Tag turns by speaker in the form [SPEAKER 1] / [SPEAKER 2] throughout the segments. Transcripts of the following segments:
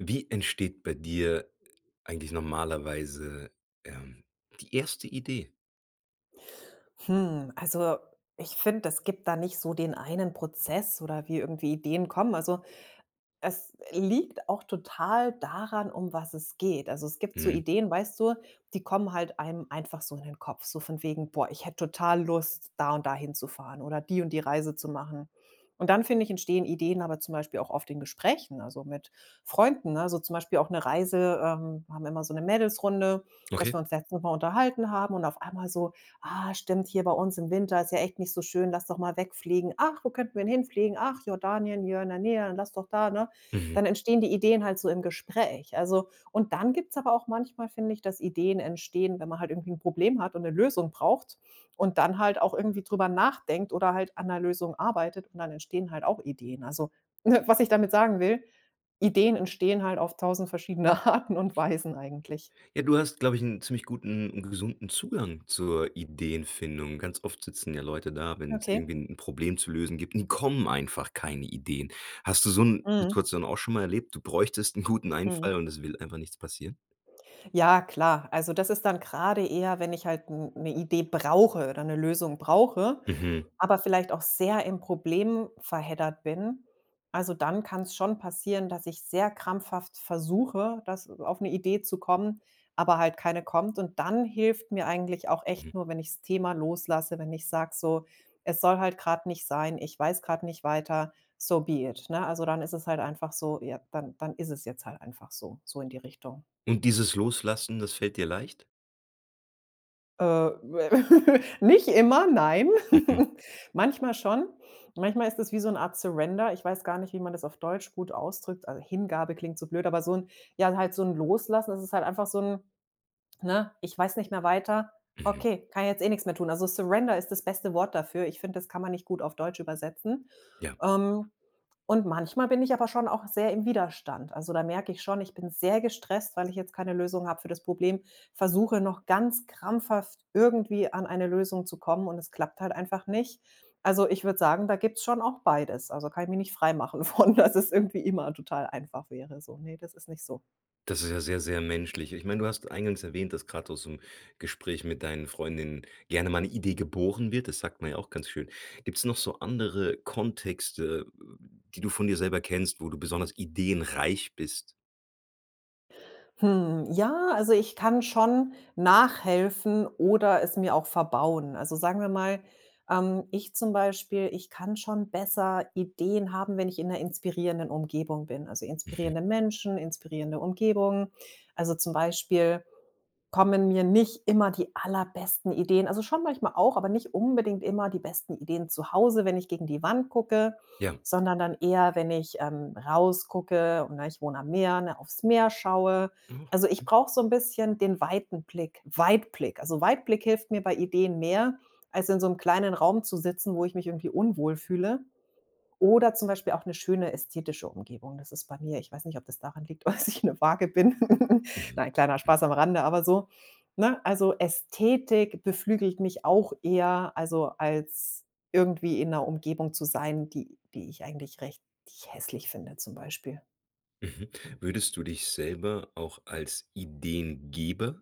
[SPEAKER 1] Wie entsteht bei dir eigentlich normalerweise, ähm, die erste Idee?
[SPEAKER 2] Hm, also, ich finde, es gibt da nicht so den einen Prozess oder wie irgendwie Ideen kommen. Also, es liegt auch total daran, um was es geht. Also, es gibt so
[SPEAKER 1] Mhm.
[SPEAKER 2] Ideen, weißt du, die kommen halt einem einfach so in den Kopf, so von wegen: „Boah, ich hätte total Lust, da und da hinzufahren oder die und die Reise zu machen.“ Und dann finde ich, entstehen Ideen aber zum Beispiel auch oft in Gesprächen, also, mit Freunden, ne? Also, zum Beispiel ob 'ne Reise, ähm, haben wir immer so 'ne Mädels Runde, dass
[SPEAKER 1] Okay.
[SPEAKER 2] wir uns letztes Mal unterhalten haben und auf einmal so: „Ah stimmt hier bei uns im Winter, ist ja echt nicht so schön, lass doch mal wegfliegen, ach, wo könnten wir denn hinfliegen, ach Jordanien, [unintelligible] lass doch da, ne?“
[SPEAKER 1] Mhm.
[SPEAKER 2] Dann entstehen die Ideen halt so im Gespräch, also. Und dann gibt's aber auch manchmal, finde ich, dass Ideen entstehen, wenn man halt irgendwie 'n Problem hat und 'ne Lösung braucht und dann halt auch irgendwie drüber nachdenkt oder halt an 'ner Lösung arbeitet und dann entstehen halt auch Ideen. Also, was ich damit sagen will, Ideen entstehen halt auf 1.000 verschiedene Arten und Weisen eigentlich.
[SPEAKER 1] Ja, du hast, glaube ich, 'n ziemlich guten 'n gesunden Zugang zur Ideenfindung. Ganz oft sitzen ja Leute da, wenn's
[SPEAKER 2] Okay.
[SPEAKER 1] irgendwie 'n Problem zu lösen gibt und kommen einfach keine Ideen. Hast du so 'n
[SPEAKER 2] Mhm.
[SPEAKER 1] Situation auch schon mal erlebt, du bräuchtest 'n guten
[SPEAKER 2] Mhm.
[SPEAKER 1] Einfall und es will einfach nichts passieren?
[SPEAKER 2] Ja klar, also, das ist dann grade eher, wenn ich halt n 'ne Idee brauche oder 'ne Lösung brauche,
[SPEAKER 1] Mhm.
[SPEAKER 2] aber vielleicht auch sehr im Problem verheddert bin. Also, dann kann's schon passieren, dass ich sehr krampfhaft versuche, dass auf 'ne Idee zu kommen, aber halt keine kommt. Und dann hilft mir eigentlich auch
[SPEAKER 1] Mhm.
[SPEAKER 2] echt nur, wenn ich's Thema loslasse, wenn ich sage: „So, es soll halt grad nicht sein, ich weiß grad nicht weiter, so be it“, ne? Also, dann ist es halt einfach so ja, dann dann ist es jetzt halt einfach so, so in die Richtung.
[SPEAKER 1] Und dieses Loslassen, das fällt dir leicht?
[SPEAKER 2] Äh, we nicht immer, nein.
[SPEAKER 1] Mhm.
[SPEAKER 2] Manchmal schon. Manchmal ist das wie so 'n Art Surrender. Ich weiß gar nicht, wie man das auf Deutsch gut ausdrückt. Äh, Hingabe klingt so blöd, aber so 'n ja, halt so 'n Loslassen, das ist halt einfach so 'n ne: „Ich weiß nicht mehr weiter.
[SPEAKER 1] Mhm.
[SPEAKER 2] Okay, kann jetzt, eh, nix mehr tun.“ Also, Surrender ist das beste Wort dafür. Ich finde, das kann man nicht gut auf Deutsch übersetzen.
[SPEAKER 1] Ja.
[SPEAKER 2] Ähm, und manchmal bin ich aber schon auch sehr im Widerstand. Also, da merke ich schon, ich bin sehr gestresst, weil ich jetzt keine Lösung habe für das Problem, versuche noch ganz krampfhaft irgendwie an eine Lösung zu kommen, und es klappt halt einfach nicht. Also, ich würde sagen, da gibt's schon auch beides. Also, kann ich mich nicht frei machen von, dass es irgendwie immer total einfach wäre, so. Ne, das ist nicht so.
[SPEAKER 1] Das ist ja sehr, sehr menschlich. Ich meine, du hast eingangs erwähnt, dass grad aus so 'n Gespräch mit deinen Freundinnen gerne mal 'ne Idee geboren wird. Das sagt man ja auch ganz schön. Gibt's noch so andere Kontexte, äh, die du von dir selber kennst, wo du besonders ideenreich bist?
[SPEAKER 2] Hm, ja, also ich kann schon nachhelfen oder es mir auch verbauen. Also, sagen wir mal, ähm, ich zum Beispiel, ich kann schon besser Ideen haben, wenn ich in 'ner inspirierenden Umgebung bin. Also,
[SPEAKER 1] Mhm.
[SPEAKER 2] inspirierende Menschen, inspirierende Umgebung. Also, zum Beispiel kommen mir nicht immer die allerbesten Ideen also schon manchmal auch, aber nicht unbedingt immer die besten Ideen zu Hause, wenn ich gegen die Wand gucke,
[SPEAKER 1] Ja.
[SPEAKER 2] sondern dann eher, wenn ich, ähm, rausgucke und- na, ich wohne am Meer, ne- auf's Meer schaue. Also, ich
[SPEAKER 1] [unintelligible]
[SPEAKER 2] brauche so 'n bisschen den weiten Blick Weitblick. Also, Weitblick hilft mir bei Ideen mehr, als in so 'nem kleinen Raum zu sitzen, wo ich mich irgendwie unwohl fühle. Oder zum Beispiel auch 'ne schöne, ästhetische Umgebung. Das ist bei mir ich weiß nicht, ob das daran liegt, dass ich 'ne Waage bin. Nein,
[SPEAKER 1] Mhm.
[SPEAKER 2] kleiner Spaß am Rande, aber so ne? Also, Ästhetik beflügelt mich auch eher, also, als irgendwie in 'ner Umgebung zu sein, die die ich eigentlich recht die ich hässlich finde zum Beispiel.
[SPEAKER 1] Mhm, würdest du dich selber auch als Ideengeber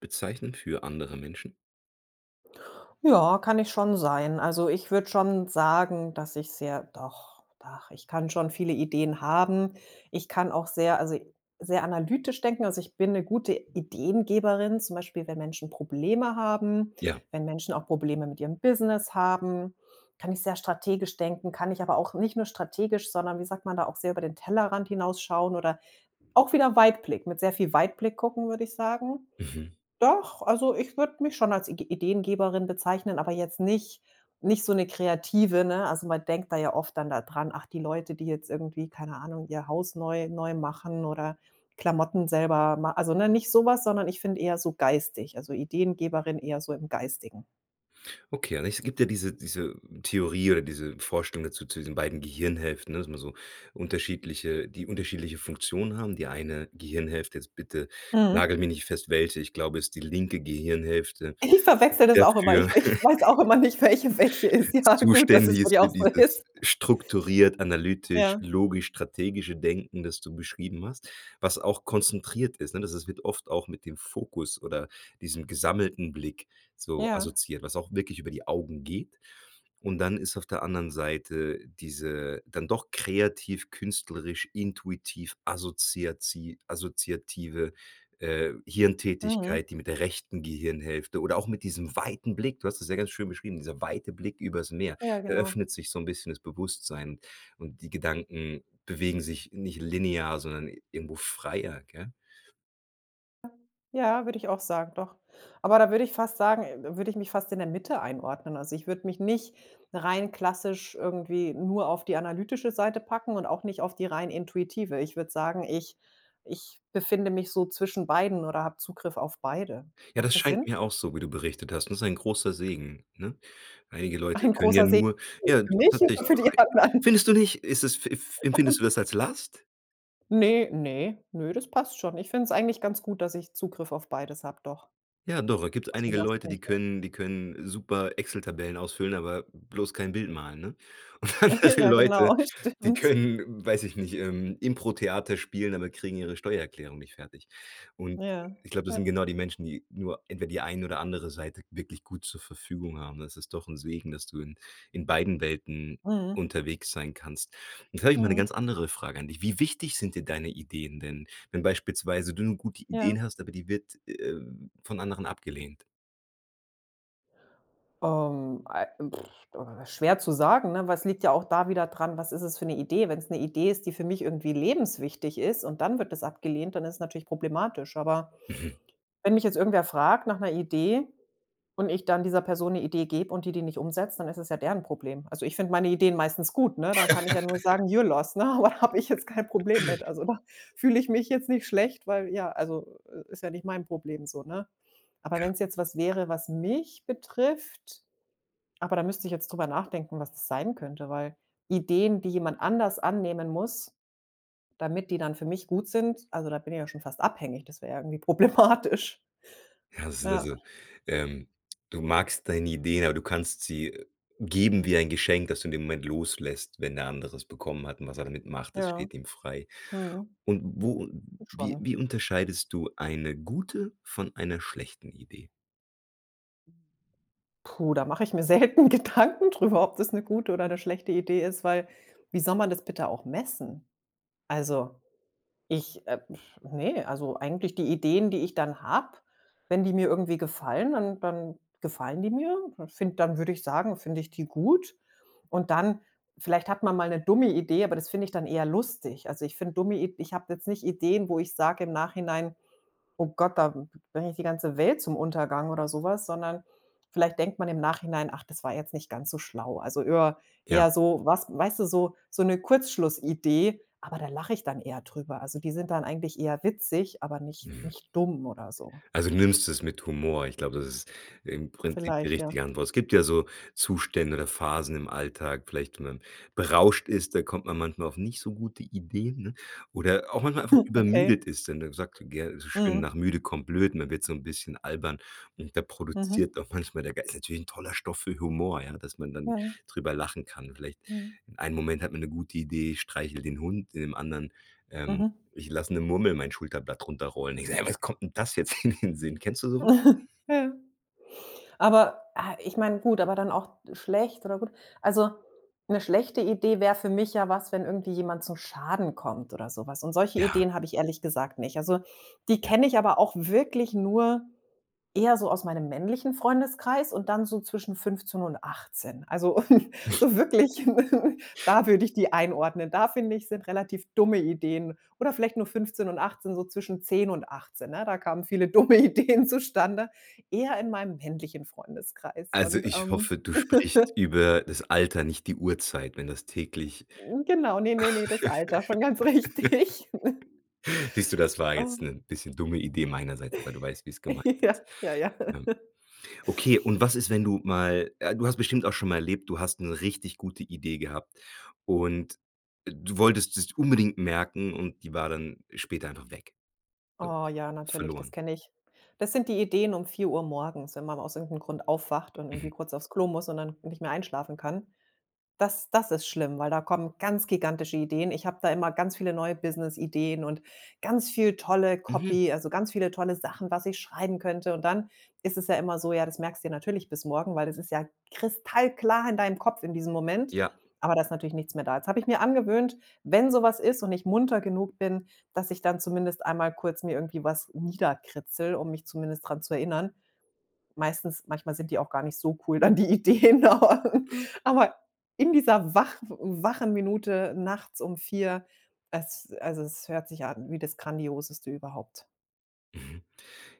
[SPEAKER 1] bezeichnen für andere Menschen?
[SPEAKER 2] Ja, kann ich schon sein. Also, ich würde schon sagen, dass ich sehr doch, ach, ich kann schon viele Ideen haben. Ich kann auch sehr also, sehr analytisch denken. Also, ich bin 'ne gute Ideengeberin, zum Beispiel wenn Menschen Probleme haben.
[SPEAKER 1] Ja.
[SPEAKER 2] Wenn Menschen auch Probleme mit ihrem Business haben kann ich sehr strategisch denken. Kann ich aber auch nicht nur strategisch, sondern, wie sagt man da, auch sehr über den Tellerrand hinausschauen. Oder auch wieder Weitblick, mit sehr viel Weitblick gucken, würde ich sagen.
[SPEAKER 1] Mhm.
[SPEAKER 2] Doch, also, ich würde mich schon als Igi Ideengeberin bezeichnen, aber jetzt nicht nicht so 'ne Kreative, ne? Also, man denkt da ja oft dann da dran: „Ach, die Leute, die jetzt irgendwie, keine Ahnung, ihr Haus neu neu machen oder Klamotten selber ma“ also, ne, nicht so was, sondern ich finde eher so geistig, also, Ideengeberin eher so im Geistigen.
[SPEAKER 1] Okay, ja, ne, es gibt ja diese diese Theorie oder diese Vorstellung dazu zu diesen beiden Gehirnhälften, ne, dass man so unterschiedliche die unterschiedliche Funktionen haben. Die eine Gehirnhälfte, jetzt bitte
[SPEAKER 2] Mhm.
[SPEAKER 1] nagel mich nicht fest welche, ich glaube, es ist die linke Gehirnhälfte,
[SPEAKER 2] Ich verwechsle das
[SPEAKER 1] sehr
[SPEAKER 2] auch immer, ich
[SPEAKER 1] für
[SPEAKER 2] ich weiß auch immer nicht, welche welche ist. Ja, gut, dass
[SPEAKER 1] zuständig
[SPEAKER 2] es bei
[SPEAKER 1] ist
[SPEAKER 2] dir
[SPEAKER 1] für
[SPEAKER 2] auch so
[SPEAKER 1] dieses
[SPEAKER 2] ist.
[SPEAKER 1] strukturiert, analytisch,
[SPEAKER 2] Ja.
[SPEAKER 1] logisch, strategische Denken, das du beschrieben hast, was auch konzentriert ist, ne? Da das wird oft auch mit dem Fokus oder diesem gesammelten Blick so
[SPEAKER 2] Ja.
[SPEAKER 1] assoziiert, was auch wirklich über die Augen geht. Und dann ist auf der anderen Seite diese dann doch kreativ künstlerisch intuitiv assoziazi assoziative, äh,
[SPEAKER 2] Mhm.
[SPEAKER 1] Hirntätigkeit, die mit der rechten Gehirnhälfte oder auch mit diesem weiten Blick du hast das sehr ganz schön beschrieben, dieser weite Blick übers Meer
[SPEAKER 2] Ja, genau.
[SPEAKER 1] eröffnet sich so 'n bisschen das Bewusstsein und die Gedanken bewegen sich nicht linear, sondern irgendwo freier, gell?
[SPEAKER 2] [unintelligible] Ja, würde ich auch sagen, doch. Aber da würde ich fast sagen würde ich mich fast in der Mitte einordnen. Also ich würde mich nicht rein klassisch irgendwie nur auf die analytische Seite packen und auch nicht auf die rein intuitive. Ich würde sagen, ich ich befinde mich so zwischen beiden oder habe Zugriff auf beide.
[SPEAKER 1] Ja,
[SPEAKER 2] Macht
[SPEAKER 1] das
[SPEAKER 2] das
[SPEAKER 1] scheint
[SPEAKER 2] Sinn?
[SPEAKER 1] mir auch so, wie du berichtet hast, und das ist ein großer Segen, ne? Einige Leute
[SPEAKER 2] Ein
[SPEAKER 1] können ja
[SPEAKER 2] großer Segen
[SPEAKER 1] nur Ja,
[SPEAKER 2] [unintelligible] für mich oder
[SPEAKER 1] tatsächlich
[SPEAKER 2] für die
[SPEAKER 1] [unintelligible]
[SPEAKER 2] anderen?
[SPEAKER 1] Findest du nicht? Ist es f empfindest du
[SPEAKER 2] [unintelligible]
[SPEAKER 1] das als Last?
[SPEAKER 2] Ne, ne nö, das passt schon. Ich find's eigentlich ganz gut, dass ich Zugriff auf beides habe doch.
[SPEAKER 1] Ja, doch, gibt
[SPEAKER 2] Also
[SPEAKER 1] einige
[SPEAKER 2] Last
[SPEAKER 1] Leute, die
[SPEAKER 2] nicht, ne.
[SPEAKER 1] können die können super Excel-Tabellen ausfüllen, aber bloß kein Bild malen, ne? Und dann halt die
[SPEAKER 2] Ja
[SPEAKER 1] Leute,
[SPEAKER 2] genau,
[SPEAKER 1] die
[SPEAKER 2] stimmt.
[SPEAKER 1] können, weiß ich nicht, ähm, Impro-Theater spielen, aber kriegen ihre Steuererklärung nicht fertig. Und
[SPEAKER 2] Ja,
[SPEAKER 1] ich glaube, das sind
[SPEAKER 2] ja.
[SPEAKER 1] genau die Menschen, die nur entweder die eine oder andere Seite wirklich gut zur Verfügung haben. Das ist doch 'n Segen, dass du in in beiden Welten
[SPEAKER 2] Mhm.
[SPEAKER 1] unterwegs sein kannst. Jetzt hab ich mal 'ne
[SPEAKER 2] Mhm.
[SPEAKER 1] ganz andere Frage an dich: Wie wichtig sind dir deine Ideen denn, wenn beispielsweise du 'ne gute
[SPEAKER 2] Ja.
[SPEAKER 1] Idee hast, aber die wird, äh, von anderen abgelehnt?
[SPEAKER 2] Ähm, ei, schwer zu sagen, ne? Weil es liegt ja auch da wieder dran, was ist es für 'ne Idee? Wenn's 'ne Idee ist, die für mich irgendwie lebenswichtig ist und dann wird das abgelehnt, dann ist es natürlich problematisch. Aber
[SPEAKER 1] Mhm.
[SPEAKER 2] wenn mich jetzt irgendwer fragt nach 'ner Idee und ich dann dieser Person 'ne Idee gebe und die die nicht umsetzt, dann ist es ja deren Problem. Also, ich finde meine Ideen meistens gut, ne, da kann ich ja nur sagen: „Your loss,“ ne? Aber habe ich jetzt kein Problem mit. Also, da fühle ich mich jetzt nicht schlecht, weil ja, also, i ist ja nicht mein Problem so, ne? Aber
[SPEAKER 1] Ja.
[SPEAKER 2] wenn's jetzt was wäre, was mich betrifft aber da müsste ich jetzt drüber nachdenken, was das sein könnte. Weil Ideen, die jemand anders annehmen muss, damit die dann für mich gut sind, also, da bin ich ja schon fast abhängig, das wäre ja irgendwie problematisch.
[SPEAKER 1] Ja das sind
[SPEAKER 2] Ja.
[SPEAKER 1] also, ähm du magst deine Idee, aber du kannst sie geben wie ein Geschenk, das du in dem Moment loslässt, wenn der andere es bekommen hat und was er damit macht, das
[SPEAKER 2] Ja,
[SPEAKER 1] steht ihm frei.
[SPEAKER 2] mhm.
[SPEAKER 1] Und wo
[SPEAKER 2] Ja,
[SPEAKER 1] wie
[SPEAKER 2] schon.
[SPEAKER 1] wie unterscheidest du eine gute von einer schlechten Idee?
[SPEAKER 2] Puh, da mache ich mir selten Gedanken drüber, ob das 'ne gute oder 'ne schlechte Idee ist. Weil, wie soll man das bitte auch messen? Also, ich äh, ne. Also, eigentlich die Ideen, die ich dann habe, wenn die mir irgendwie gefallen, dann dann gefallen die mir. Dann finde dann würde ich sagen, finde ich die gut und dann vielleicht hat man mal 'ne dumme Idee, aber das finde ich dann eher lustig. Also, ich finde dumme Id ich habe jetzt nicht Ideen, wo ich sage im Nachhinein: „Oh Gott, da bringe ich die ganze Welt zum Untergang“ oder so was. Sondern vielleicht denkt man im Nachhinein: „Ach, das war jetzt nicht ganz so schlau.“ Also, öer
[SPEAKER 1] Ja.
[SPEAKER 2] eher so was weißt du, so so 'ne Kurzschlussidee, aber da lache ich dann eher drüber. Also, die sind dann eigentlich eher witzig, aber nicht
[SPEAKER 1] Mhm.
[SPEAKER 2] nicht dumm oder so.
[SPEAKER 1] Also, nimmst du es mit Humor. Ich glaube, das ist im Prinzip die
[SPEAKER 2] Vielleicht, ja.
[SPEAKER 1] richtige Antwort. Es gibt ja so Zustände oder Phasen im Alltag, vielleicht, wenn man berauscht ist, da kommt man manchmal auf nicht so gute Ideen, ne? Oder auch manchmal einfach
[SPEAKER 2] Okay.
[SPEAKER 1] übermüdet ist, denn man sagt gern so schön:
[SPEAKER 2] Mm.
[SPEAKER 1] „Nach müde kommt blöd.“ Man wird so 'n bisschen albern und da
[SPEAKER 2] Mhm.
[SPEAKER 1] produziert auch manchmal der Ge ist natürlich 'n toller Stoff für Humor, ja, dass man dann
[SPEAKER 2] Ja.
[SPEAKER 1] drüber lachen kann. Vielleicht
[SPEAKER 2] Mhm.
[SPEAKER 1] in einem Moment hat man 'ne gute Idee: „Streichel den Hund.“ In dem anderen, ähm:
[SPEAKER 2] Mhm.
[SPEAKER 1] „Ich lasse 'ne Murmel mein Schulterblatt runterrollen.“ Ich sage: „Ey, was kommt 'n das jetzt in den Sinn?“ Kennst du sowas?
[SPEAKER 2] Ja. Aber, ah, ich meine gut, aber dann auch schlecht oder gut. Also, 'ne schlechte Idee wäre für mich ja was, wenn irgendwie jemand zum Schaden kommt oder so was. Und solche
[SPEAKER 1] Ja.
[SPEAKER 2] Ideen habe ich ehrlich gesagt nicht. Also, die
[SPEAKER 1] Ja.
[SPEAKER 2] kenne ich aber auch wirklich nur eher so aus meinem männlichen Freundeskreis und dann so zwischen 15 und 18. Also, so wirklich, da würde ich die einordnen. Da finde ich, sind relativ dumme Ideen oder vielleicht nur 15 und 18, so zwischen 10 und 18, ne? Da kamen viele dumme Ideen zustande, eher in meinem männlichen Freundeskreis
[SPEAKER 1] Also,
[SPEAKER 2] und,
[SPEAKER 1] ich
[SPEAKER 2] ähm
[SPEAKER 1] hoffe, du sprichst über das Alter, nicht die Uhrzeit, wenn das täglich
[SPEAKER 2] Genau, ne, ne, ne, das Alter, schon ganz richtig.
[SPEAKER 1] Siehst du, das war jetzt 'nen bisschen dumme Idee meiner Seite, weil du weißt, wie's gemeint
[SPEAKER 2] Ja,
[SPEAKER 1] ist,
[SPEAKER 2] ja, ja.
[SPEAKER 1] ja. Okay, und was ist, wenn du mal äh, du hast bestimmt auch schon mal erlebt, du hast 'ne richtig gute Idee gehabt und du wolltest dir's unbedingt merken und die war dann später einfach weg, so
[SPEAKER 2] Oh ja, natürlich, das
[SPEAKER 1] verloren.
[SPEAKER 2] kenne ich. Das sind die Ideen um 4:00 morgens, wenn man aus irgend 'nem Grund aufwacht und irgendwie
[SPEAKER 1] Mhm.
[SPEAKER 2] kurz aufs Klo muss und dann nicht mehr einschlafen kann. Das das ist schlimm, weil da kommen ganz gigantische Ideen. Ich habe da immer ganz viele neue Businessideen und ganz viel tolle
[SPEAKER 1] Mhm.
[SPEAKER 2] Copy also, ganz viele tolle Sachen, was ich schreiben könnte. Und dann ist es ja immer so, ja, das merkst du dir natürlich bis morgen, weil das ist ja kristallklar in deinem Kopf in diesem Moment,
[SPEAKER 1] Ja.
[SPEAKER 2] aber da ist natürlich nichts mehr da. Jetzt habe ich mir angewöhnt, wenn so was ist und ich munter genug bin, dass ich dann zumindest einmal kurz mir irgendwie wasnieder kritzel, um mich zumindest dran zu erinnern. Meistens manchmal sind die auch gar nicht so cool dann die Ideen aber aber in dieser wach wachen Minute nachts um 4, es also, es hört sich an wie das Grandioseste überhaupt.
[SPEAKER 1] Mhm,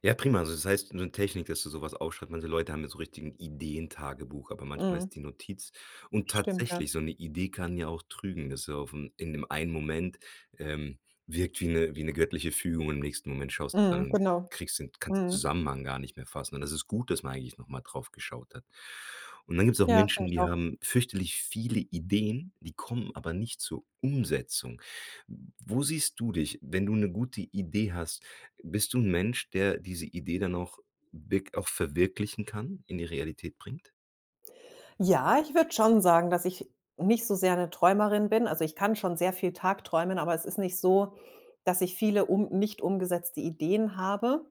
[SPEAKER 1] ja, prima. Also das heißt, in so Technik, dass du sowas aufschreibt. Manche Leute haben ja so richtig 'n Ideentagebuch, aber manchmal
[SPEAKER 2] Mhm.
[SPEAKER 1] ist die Notiz und
[SPEAKER 2] Stimmt ja.
[SPEAKER 1] tatsächlich, so 'ne Idee kann ja auch trügen, dass du aufm in dem einen Moment ähm, wirkt wie 'ne wie 'ne göttliche Fügung, im nächsten Moment schaust du
[SPEAKER 2] Mhm,
[SPEAKER 1] dann
[SPEAKER 2] genau,
[SPEAKER 1] kriegst den kannst den
[SPEAKER 2] mhm.
[SPEAKER 1] Zusammenhang gar nicht mehr fassen. Und das ist gut, dass man eigentlich noch mal drauf geschaut hat. Und dann gibt's auch
[SPEAKER 2] Ja, finde
[SPEAKER 1] Menschen,
[SPEAKER 2] ich
[SPEAKER 1] die
[SPEAKER 2] auch.
[SPEAKER 1] haben fürchterlich viele Ideen, die kommen aber nicht zur Umsetzung. Wo siehst du dich, wenn du 'ne gute Idee hast? Bist du 'n Mensch, der diese Idee dann auch wirk auch verwirklichen kann, in die Realität bringt?
[SPEAKER 2] Ja, ich würde schon sagen, dass ich nicht so sehr 'ne Träumerin bin. Also, ich kann schon sehr viel tagträumen, aber es ist nicht so, dass ich viele um nicht umgesetzte Ideen habe.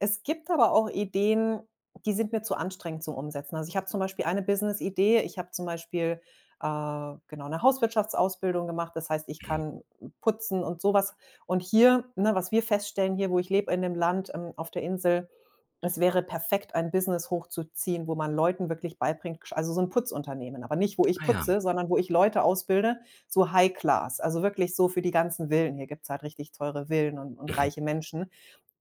[SPEAKER 2] Es gibt aber auch Ideen, die sind mir zu anstrengend zum Umsetzen. Also, ich habe zum Beispiel eine Businessidee ich habe zum Beispiel, äh, genau 'ne Hauswirtschaftsausbildung gemacht, das heißt, ich
[SPEAKER 1] Mhm.
[SPEAKER 2] kann putzen und sowas. Und hier ne, was wir feststellen hier, wo ich lebe in dem Land, ähm, auf der Insel, das wäre perfekt, ein Business hochzuziehen, wo man Leuten wirklich beibringt gesch also so 'n Putzunternehmen, aber nicht, wo ich
[SPEAKER 1] Ah, ja.
[SPEAKER 2] putze, sondern wo ich Leute ausbilde so High-Class, also wirklich so für die ganzen Villen. Hier gibt's halt richtig teure Villen und und
[SPEAKER 1] Mhm.
[SPEAKER 2] reiche Menschen.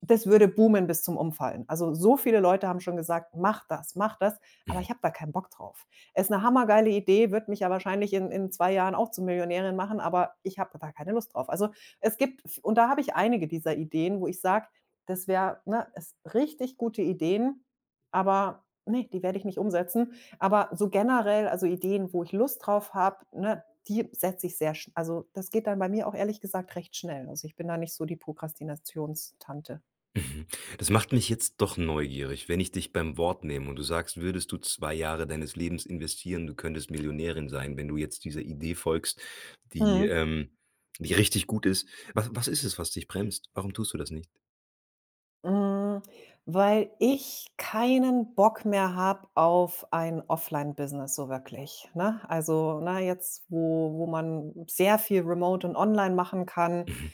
[SPEAKER 2] Das würde boomen bis zum Umfallen. Also, so viele Leute haben schon gesagt: „Mach das, mach das,“ aber
[SPEAKER 1] Mhm.
[SPEAKER 2] ich habe da keinen Bock drauf. Ist 'ne hammergeile Idee, würde mich ja wahrscheinlich in in 2 Jahren auch zu Millionärin machen, aber ich habe da keine Lust drauf. Also es gibt v und da habe ich einige dieser Ideen, wo ich sage, das wär ne, es richtig gute Ideen, aber ne, die werde ich nicht umsetzen. Aber so generell also Ideen, wo ich Lust drauf habe, ne, die setze ich sehr sch also das geht dann bei mir auch ehrlich gesagt recht schnell. Also, ich bin da nicht so die Prokrastinations-Tante.
[SPEAKER 1] Mhm, das macht mich jetzt doch neugierig, wenn ich dich beim Wort nehme und du sagst, würdest du 2 Jahre deines Lebens investieren, du könntest Millionärin sein, wenn du jetzt dieser Idee folgst, die,
[SPEAKER 2] Mhm.
[SPEAKER 1] ähm die richtig gut ist. Was was ist es, was dich bremst? Warum tust du das nicht?
[SPEAKER 2] Hm, weil ich keinen Bock mehr habe auf ein Offline-Business so wirklich, ne? Also na, jetzt, wo wo man sehr viel remote und online machen kann
[SPEAKER 1] Mhm.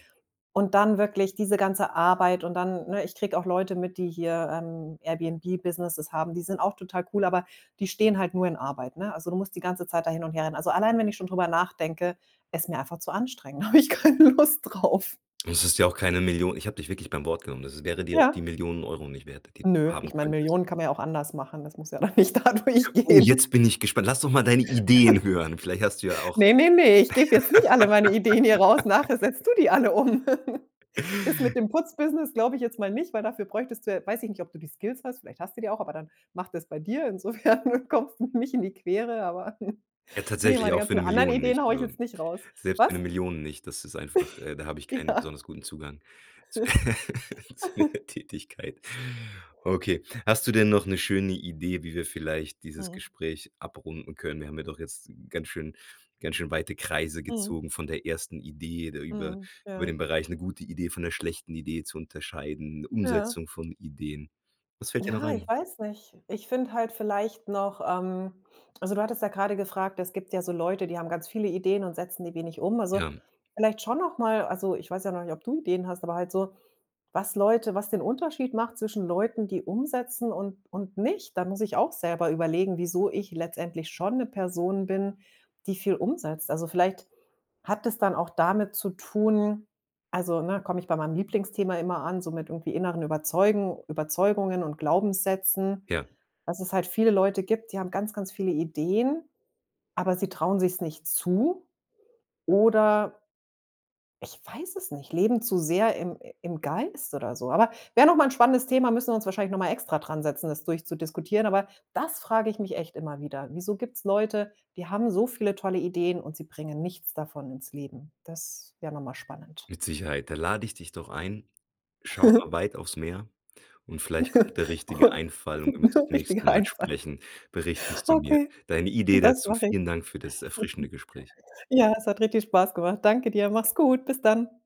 [SPEAKER 2] und dann wirklich diese ganze Arbeit und dann ne, ich kriege auch Leute mit, die hier, ähm, Airbnb-Businesses haben, die sind auch total cool, aber die stehen halt nur in Arbeit, ne? Also, du musst die ganze Zeit da hin und her rennen. Also allein, wenn ich schon drüber nachdenke, ist mir einfach zu anstrengend, habe ich keine Lust drauf.
[SPEAKER 1] Und es ist ja auch keine Millio ich habe dich wirklich beim Wort genommen. Das wäre dir auch die
[SPEAKER 2] Ja.
[SPEAKER 1] 1000000€ nicht wert, die du
[SPEAKER 2] Nö,
[SPEAKER 1] haben
[SPEAKER 2] ich meine
[SPEAKER 1] könntest?
[SPEAKER 2] Millionen kann man ja auch anders machen, das muss ja da nicht dadurch
[SPEAKER 1] Oh, jetzt
[SPEAKER 2] gehen.
[SPEAKER 1] bin ich gespannt. Lass doch mal deine Ideen hören. Vielleicht hast du ja auch
[SPEAKER 2] Ne, ne, ne, ich gebe jetzt nicht alle meine Ideen hier raus, nachher setzt du die alle um. Das mit dem Putz-Business glaube ich jetzt mal nicht, weil dafür bräuchtest du, j weiß ich nicht, ob du die Skills hast, vielleicht hast du die auch, aber dann mach das bei dir, insofern kommst du mir nicht in die Quere, aber
[SPEAKER 1] Ja,
[SPEAKER 2] ne,
[SPEAKER 1] tatsächlich
[SPEAKER 2] meine
[SPEAKER 1] auch für
[SPEAKER 2] ganzen
[SPEAKER 1] 'ne
[SPEAKER 2] anderen
[SPEAKER 1] 1000000
[SPEAKER 2] Ideen
[SPEAKER 1] nicht,
[SPEAKER 2] haue ich
[SPEAKER 1] ähm
[SPEAKER 2] jetzt nicht raus.
[SPEAKER 1] selbst für 'ne
[SPEAKER 2] Was?
[SPEAKER 1] 1000000 nicht, das ist einfach, äh da habe ich keinen
[SPEAKER 2] Ja.
[SPEAKER 1] besonders guten Zugang zu der Tätigkeit. Okay. Hast du denn noch 'ne schöne Idee, wie wir vielleicht dieses
[SPEAKER 2] Mhm.
[SPEAKER 1] Gespräch abrunden können? Wir haben ja doch jetzt ganz schön ganz schön weite Kreise
[SPEAKER 2] Mhm.
[SPEAKER 1] gezogen von der ersten Idee, da über
[SPEAKER 2] Mhm,
[SPEAKER 1] über
[SPEAKER 2] ja.
[SPEAKER 1] den Bereich 'ne gute Idee von 'ner schlechten Idee zu unterscheiden,
[SPEAKER 2] Ja.
[SPEAKER 1] Umsetzung von Ideen. Was fällt dir noch
[SPEAKER 2] Ja, ich
[SPEAKER 1] ein?
[SPEAKER 2] weiß nicht. Ich finde halt vielleicht noch, ähm also du hattest ja grade gefragt es gibt ja so Leute, die haben ganz viele Ideen und setzen die wenig um also,
[SPEAKER 1] Ja.
[SPEAKER 2] vielleicht schon noch mal also ich weiß ja noch nicht, ob du Ideen hast, aber halt so, was Leute was den Unterschied macht zwischen Leuten, die umsetzen und und nicht, da muss ich auch selber überlegen, wieso ich letztendlich schon 'ne Person bin, die viel umsetzt. Also, vielleicht hat es dann auch damit zu tun also, ne, komme ich bei meinem Lieblingsthema immer an, so mit irgendwie inneren Überzeugen Überzeugungen und Glaubenssätzen,
[SPEAKER 1] Ja.
[SPEAKER 2] dass es halt viele Leute gibt, die haben ganz, ganz viele Ideen, aber sie trauen sich's nicht zu, oder ich weiß es nicht, leben zu sehr im im Geist oder so. Aber wäre noch mal 'n spannendes Thema, müssen wir uns wahrscheinlich noch mal extra dran setzen, das durchzudiskutieren, aber das frage ich mich echt immer wieder. Wieso gibt's Leute, die haben so viele tolle Ideen und sie bringen nichts davon ins Leben? Das wäre noch mal spannend.
[SPEAKER 1] Mit Sicherheit. Da lade ich dich doch ein: Schau mal weit aufs Meer und vielleicht kommt der richtige Einfall und wenn wir uns das nächste
[SPEAKER 2] Richtiger
[SPEAKER 1] Mal
[SPEAKER 2] Einfall.
[SPEAKER 1] sprechen, berichtest du mir
[SPEAKER 2] Okay.
[SPEAKER 1] deine Idee
[SPEAKER 2] Das
[SPEAKER 1] dazu.
[SPEAKER 2] mache ich.
[SPEAKER 1] Vielen Dank für das erfrischende Gespräch.
[SPEAKER 2] Ja, es hat richtig Spaß gemacht. Danke dir, mach's gut, bis dann.